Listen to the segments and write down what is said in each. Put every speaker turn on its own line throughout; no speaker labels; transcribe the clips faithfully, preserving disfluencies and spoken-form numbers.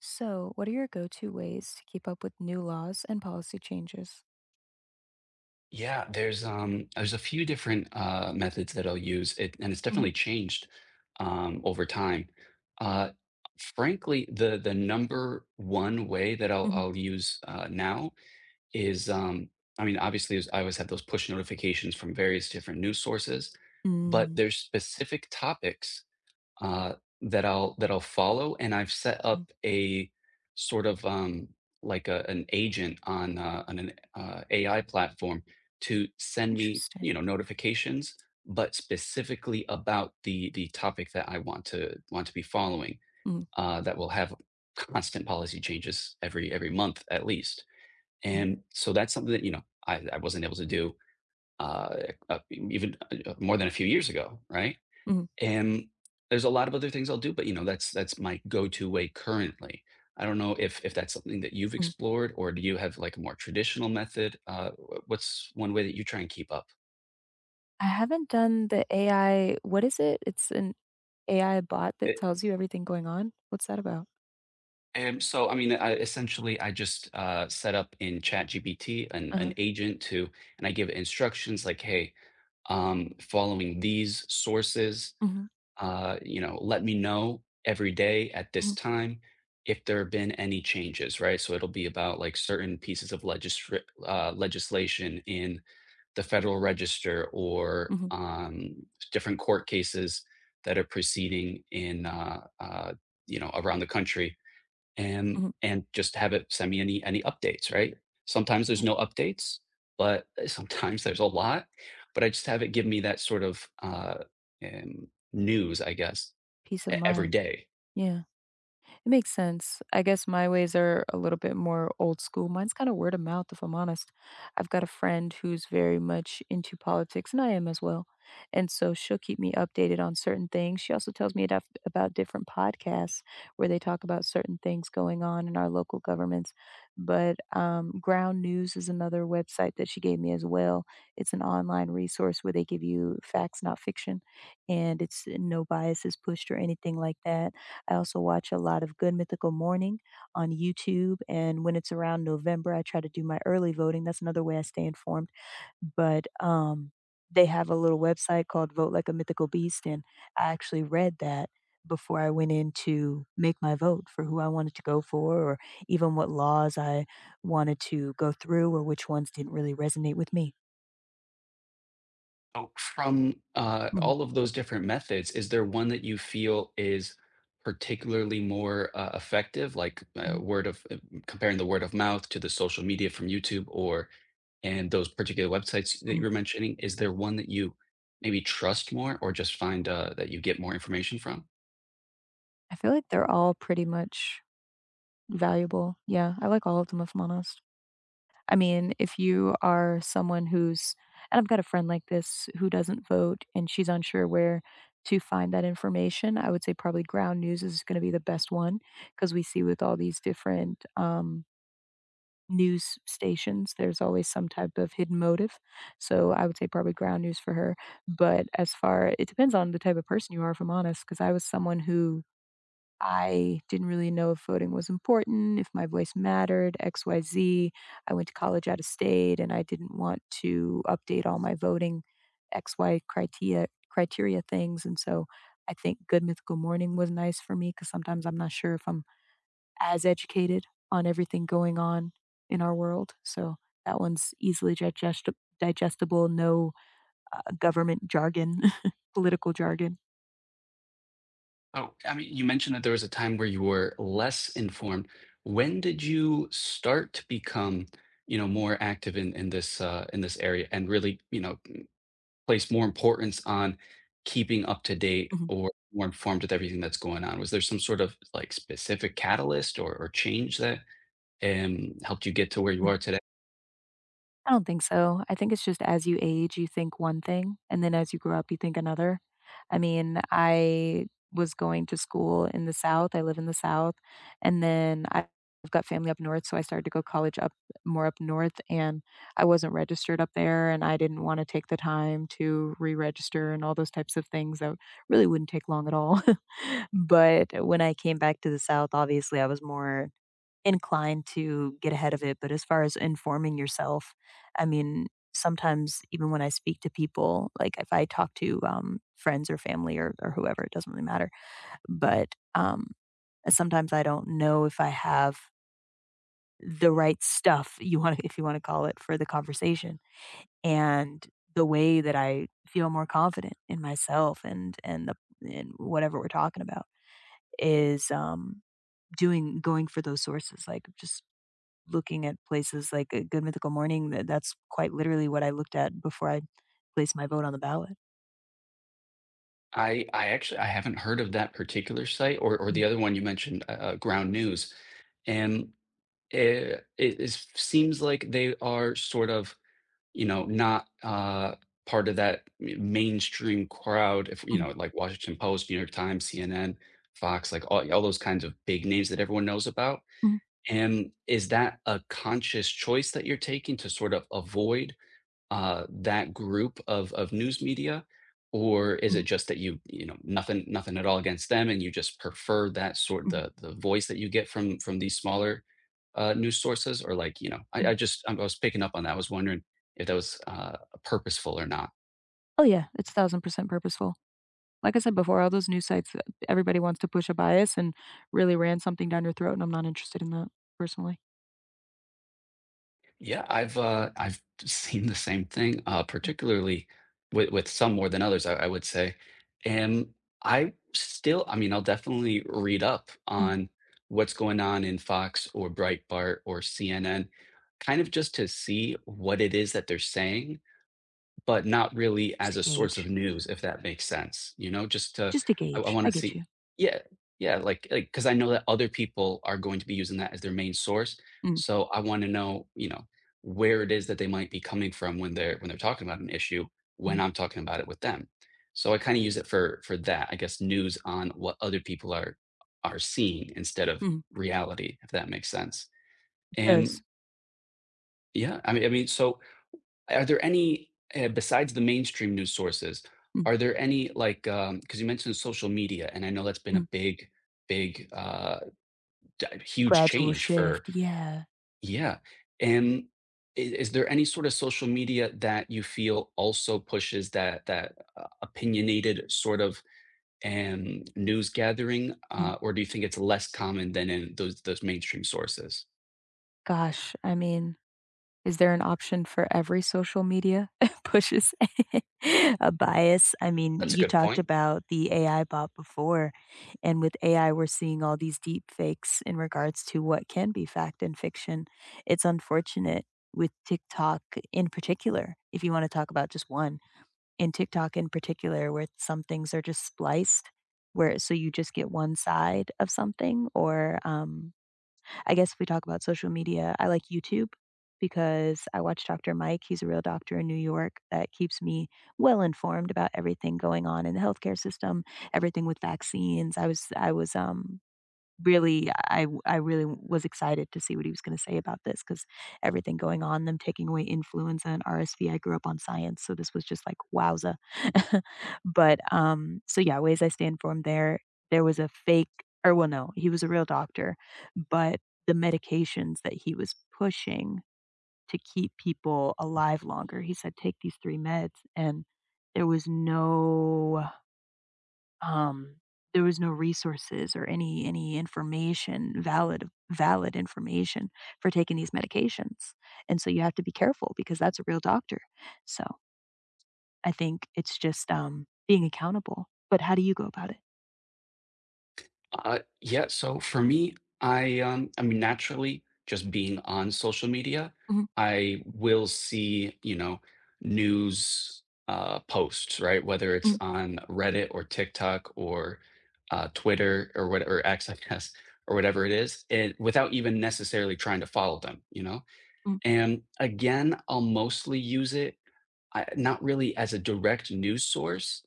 So what are your go-to ways to keep up with new laws and policy changes?
Yeah, there's, um, there's a few different, uh, methods that I'll use, it and it's definitely
Mhm.
changed, um, over time, uh, u frankly, the the number one way that I'll
Mhm.
I'll use, uh, now is, um I mean, obviously, is I always have those push notifications from various different news sources, but
Mm.
there's specific topics, uh, that I'll that I'll follow, and I've set
Mm.
up a sort of, um, like a an agent on, uh on an, uh, AI platform to send me,
Interesting.
you know, notifications, but specifically about the the topic that I want to want to be following,
Mm.
uh, that will have c constant policy changes every every month at least.
Mm.
And so, that's something that, you know, I I wasn't able to do, uh, eh, uh, e even more than a few years ago, right,
Mhm.
and there's a lotta other things I'll do, but, you know, that's that's my go-to way currently. I don't know if if that's something that you've
Mm.
explored, or do you have like more traditional method? Uh, wha what's one way that you try and keep up?
I haven't done the AI what is it? It's an AI bot that
It
tells you everything going on. What's that about?
Erm, so, I mean, uh, essentially, I just, uh, set up in ChatGPT an an
Uh-huh.
agent to and I give instructions, like, "Hey, um, following these sources,
Mhm.
uh, you know, let me know every day at this
Mhm.
time if there have been any changes," right? So it'll be about, like, certain pieces of legisri uh, legislation in the Federal Register, or,
Mhm.
um, different court cases that are proceeding in, uh uh you know, around the country, and
Mhm.
and just have it send me any any updates, right? Sometimes there's
Yeah.
no updates, but, eh, sometimes there's a lot. But I just have it give me that sort of, uh, erm, news, I guess,
Peace
e
of
every
mind.
day.
Yeah. It makes sense. I guess my ways are a little bit more old school. Mine's kinda word of mouth, if I'm honest. I've got a friend who's very much into politics, and I am as well, and so she'll keep me updated on certain things. She also tells me aduff about different podcasts where they talk about certain things going on in our local governments. But, um, Ground News is another website that she gave me as well. It's an online resource where they give you facts, not fiction, and it's eh, no bias is pushed or anything like that. I also watch a lot of Good Mythical Morning on YouTube, and when it's around November, I try to do my early voting, that's another way I stay informed. But, um, they have a little website called Vote Like a Mythical Beast, and I actually read that before I went in to make my vote for who I wanted to go for, or even what laws I wanted to go through, or which ones didn't really resonate with me
Oh, from, uh,
Mhm.
all of those different methods, is there one that you feel is particularly more, uh, effective? Like, uh,
Mhm.
word of uh, m comparing the word of mouth to the social media from YouTube or and those particular websites that you
Mhm.
were mentioning. Is there one that you maybe trust more or just find, uh, that you get more information from?
I feel like they're all pretty much valuable. Yeah, I like all of them, if I'm honest. I mean, if you are someone who's and I've got a friend like this who doesn't vote, and she's unsure where to find that information. I would say probably Ground News is gonna be the best one 'cause we see with all these different, um news s stations, there's always some type of hidden motive, so I would say probably Ground News for her, but as far it depends on the type of person you are, if I'm honest, 'cause I was someone who I didn't really know if voting was important, if my voice mattered, XYZ. I went to college out of state, and I didn't want to update all my voting XY critia criteria things and so I think Good Mythical Morning was nice for me 'cause sometimes I'm not sure if I'm as educated on everything going on in our world. So, that one's easily gigesta digestible, no, uh, government jargon, political jargon.
Oh, I mean, you mentioned that there was a time where you were less informed. When did you start to become, you know, more active in in this, uh in this area and really, you know, m place more importance on keeping up to date
Mhm.
or more informed with everything that's going on? Was there some sort of, like, specific catalyst or or change that, em, helped you get to where you
Mm.
are today
I don't think so, I think it's just as you age, you think one thing, and then as you grow up, you think another. I mean, I was going to school in the South, I live in the South, and then I've got family up North, so I started to go college up, more up North, and I wasn't registered up there, and I didn't wanna take the time to re-register and all those types of things that really wouldn't take long at all, but when I came back to the South, obviously, I was more inclined to get ahead of it, but as far as informing yourself, I mean, sometimes even when I speak to people, like if I talk to, um, friends or family or or whoever it doesn't really matter, but, um, sometimes I don't know if I have The right stuff, you wanna if you wanna call it, for the conversation. and the way that I feel more confident in myself and and the in whatever we're talking about, is, um, doing going for those sources, like just looking at places like, uh, Good Mythical Morning. Th that's quite literally what I looked at before I placed my vote on the ballot.
I I actually I haven't heard of that particular site or or
Mm.
the other one you mentioned, u uh, Ground News, and, eh eh, it it seems, like, they are sort of you know, not, uh, part of that mai mainstream crowd if, you
Mm.
know, like Washington Post, New York Times, CNN, Fox, like, all all those kinds of big names that everyone knows about,
Mm.
and is that a conscious choice that you're taking to sort of avoid, uh, that group of of news media, or is it
Mhm.
just that you you know, nothing nothing at all against them, and you just prefer that sort
Mhm.
the the voice that you get from from these smaller, uh, news sources? Or like, you know I
Mm.
I just I was picking up on that, I was wondering if that was, uh, purposeful or not.
Oh yeah, it's thousand percent purposeful. Like I said before, all those news sites, uh, everybody wants to push a bias and really ram something down your throat, and I'm not interested in that personally.
Yeah, I've, uh I've seen the same thing, uh,
Mm.
particularly with with some more than others, I I would say. And I still I mean, I'll definitely read up
Mm.
on what's going on in Fox or Breitbart or CNN, kind of just to see what it is that they're saying, but not really
Just
as
to
a source of
gauge.
news, if that makes sense. You know, just to
Just to
I I
gauge. I
wanna
get
see
you.
Yeah yeah, like like 'Cause I know that other people are going to be using that as their main source,
Mm.
so I wanna know, you know, where it is that they might be coming from when they're when they're talking about an issue when
Mhm.
I'm talking about it with them, so I kinda use it for for that, I guess, news on what other people are are seeing instead of
Mhm.
reality, if that makes sense,
It
and
does.
Yeah, I mean I mean, so are there any, uh, besides the mainstream news sources,
Mm.
are there any, like, um 'Cause you mentioned social media, and I know that's been
Mm.
a big, big, uh, d huge
Gradual
change for
shift, yeah.
Yeah, and i is there any sort of social media that you feel also pushes that that, uh, opinionated sort of, um, news gathering?
Mm.
Uh, or do you think it's less common than in those those mainstream sources?
Gosh, I mean, is there an option for every social media pushes a bias? I mean,
That's a
you
good
talked
point.
about the A-I bot before, and with A-I, we're seeing all these deep fakes in regards to what can be fact and fiction. It's unfortunate with TikTok in particular- if you wanna talk about just one- in TikTok in particular, where some things are just spliced, where so you just get one side of something or, um I guess if we talk about social media, I like YouTube because I watch Dr. Mike. He's a real doctor in New York that keeps me well-informed about everything going on in the healthcare system, everything with vaccines. I was I was, um, really I I really was excited to see what he was gonna say about this 'cause everything going on, them taking away influenza and RSV. I grew up on science, so this was just like wowza. But, um so yeah, ways I stay informed there there was a fake or well, no, he was a real doctor, but the medications that he was pushing to keep people alive longer, he said, "Take these three meds," and there was no, um, there was no resources or any any information, valid valid information for taking these medications. And so you have to be careful because that's a real doctor, so I think it's just, um, being accountable. But how do you go about it?
Uh, yeah, so for me, I, um I mean, naturally, just being on social media,
Mhm.
I will see, you know, news, uh, posts, right? Whether it's
Mm.
on Reddit or TikTok or, uh, Twitter, or what or X, I guess, or whatever it is, and without even necessarily trying to follow them, you know?
Mm.
And again, I'll mostly use it, I not really as a direct news source,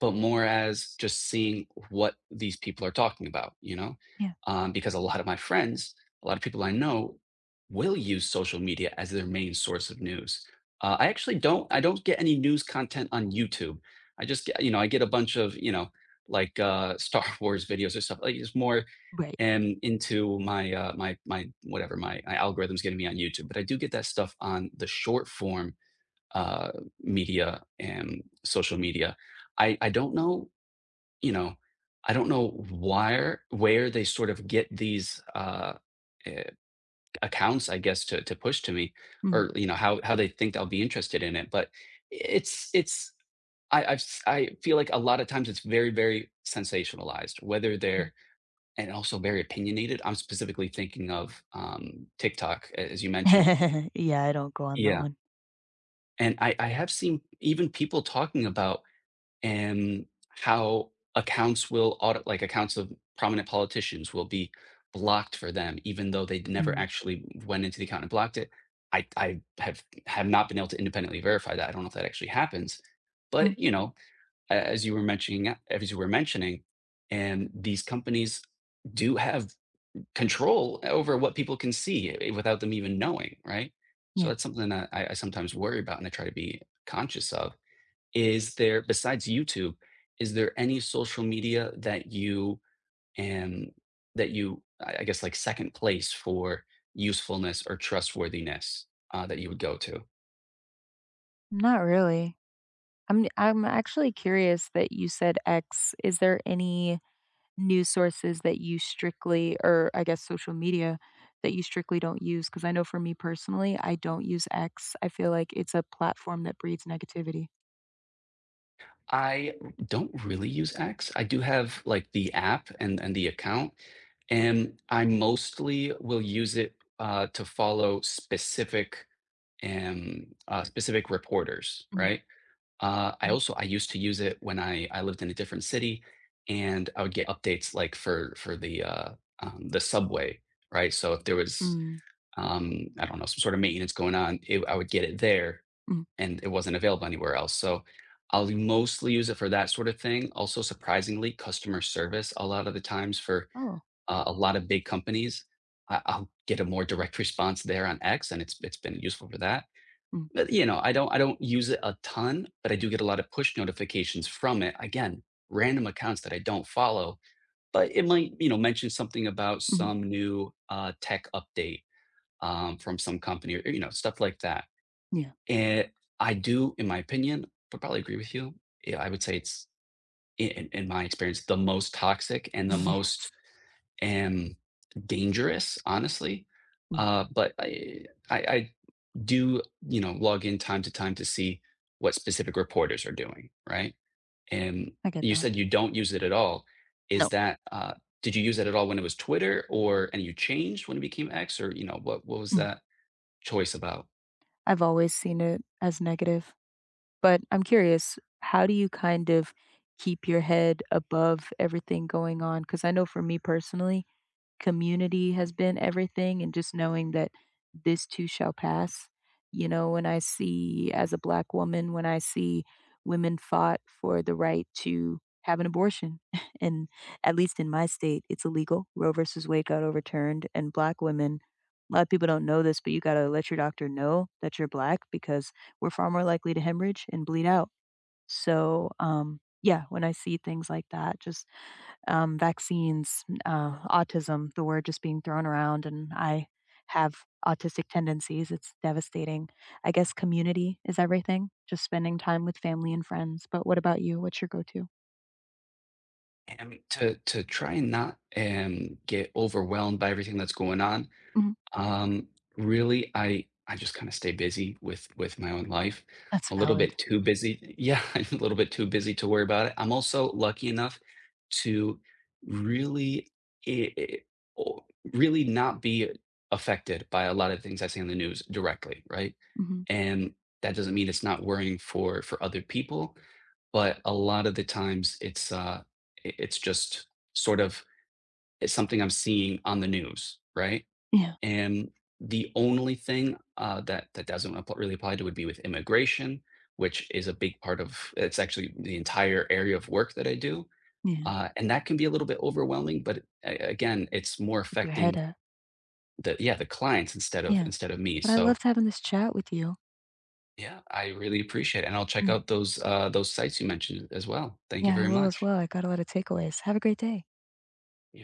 but more as, just seeing what these people are talking about, you know?
Yeah.
Um, because a lot of my friends, a lot of people I know will use social media as their main source of news. Uh, I actually don't I don't get any news content on YouTube. I just g you know, I get a bunch of, you know, like, uh, Star Wars videos or stuff. Like, it's more,
Right.
em, into my, uh, my my, whatever my, my algorithm's giving me on YouTube. But I do get that stuff on the short-form, uh, media and social media. I I don't know, you know, I don't know wire where they sort of get these, uh, eh, accounts, I guess, to to push to me,
Mm.
or, you know, how how they think I'll be interested in it. But i it's it's I I've s I feel like a lot of times it's very, very sensationalized, whether
Mm.
they're And also very opinionated. I'm specifically thinking of, um, TikTok, a as you mentioned.
Yeah, I don't go on that
Yeah.
one.
And I I have seen even people talking about, em, how accounts will auto like, accounts of prominent politicians will be blocked for them, even though they'd never
Mm.
actually went into the account and blocked it. I I have have not been able to independently verify that, I don't know if that actually happens.
Mm.
But, you know, a as you were mentioning, uh, a as you were mentioning, em, these companies do have n control over what people can see, eh, without them even knowing, right? So
Yeah.
that's something n that I I sometimes worry about and I try to be conscious of. Is there besides YouTube, is there any social media that you em, that you I I guess, like, second place for usefulness or trustworthiness, uh, that you would go to?
Not really. I'm n I'm actually curious that you said "X." Is there any news sources that you strictly or I guess social media, that you strictly don't use? 'Cause I know for me personally, I don't use X, I feel like it's a platform that breeds negativity.
I don't really use X. I do have, like, the app and and the account, and I mostly will use it, uh, to follow specific, em, uh, specific reporters,
Mhm.
right? Uh, I
Mhm.
also I used to use it when I I lived in a different city, and I would get updates, like, for for the, uh, um, the subway, right? So if there was,
Mm.
um, I don't know, some sort of maintenance going on, it I would get it there,
Mhm.
and it wasn't available anywhere else. So, I'll mostly use it for that sorta thing, also, surprisingly, customer service a lot of the times for,
Oh.
uh, a lotta big companies, I I'll get a more direct response there on X, and it's it's been useful for that.
Mhm.
But, you know, I don't I don't use it a ton, but I do get a lotta push notifications from it. Again, random accounts that I don't follow, but it might, you know, mention something about
Mhm.
some new, uh, tech update, um, from some company or, y you know, stuff like that.
Yeah.
Eh, I do, in my opinion, p probably agree with you, yeah, I would say it's in in in my experience, the most toxic and the most,
Yes.
em, dangerous, honestly.
Mm.
Uh, but I I I do, you know, log in time to time to see what specific reporters are doing, right? And
I get
you
that.
said you don't use it at all. Is
No.
that, uh did you use it at all when it was Twitter or and you changed when it became X or, you know, what what was
Mhm.
that choice about?
I've always seen it as negative, but I'm curious, how do you kind of keep your head above everything going on? 'Cause I know for me personally, community has been everything, and just knowing that this too shall pass. You know, when I see as a Black woman, when I see women fought for the right to have an abortion, and, at least in my state, it's illegal. Roe versus Wade got overturned, and Black women a lot of people don't know this, but you gotta let your doctor know that you're Black, because we're far more likely to hemorrhage and bleed out. So, um yeah, when I see things like that, just, um, vaccines, m uh, autism, the word just being thrown around, and I have autistic tendencies, it's devastating. I guess community is everything, just spending time with family and friends, but what about you? What's your go-to?
And to to try not and get overwhelmed by everything that's going on,
Mhm.
um, really, I I just kinda stay busy with with my own life.
That's
A little
valid.
bit too busy yeah, a little bit too busy to worry about it. I'm also lucky enough to really i i o really not be affected by a lot of things I see on the news directly, right?
Mhm.
And that doesn't mean it's not worrying for for other people, but a lot of the times, it's, uh it it's just, sort of it's something I'm seeing on the news, right?
Yeah.
And the only thing, uh, that that doesn't app really apply to would be with immigration, which is a big part of It's actually the entire area of work that I do,
Yeah.
uh, and that can be a little bit overwhelming, but a again, it's more
Keep your head
affecting
up.
the yeah, the clients instead of
Yeah,
instead of me,
but I
so
loved having this chat with you.
Yeah, I really appreciate it, and I'll check
Mm.
out those, uh those sites you mentioned as well. Thank you
Yeah, I
very
will as
much.
well, I got a lot of takeaways. Have a great day
Y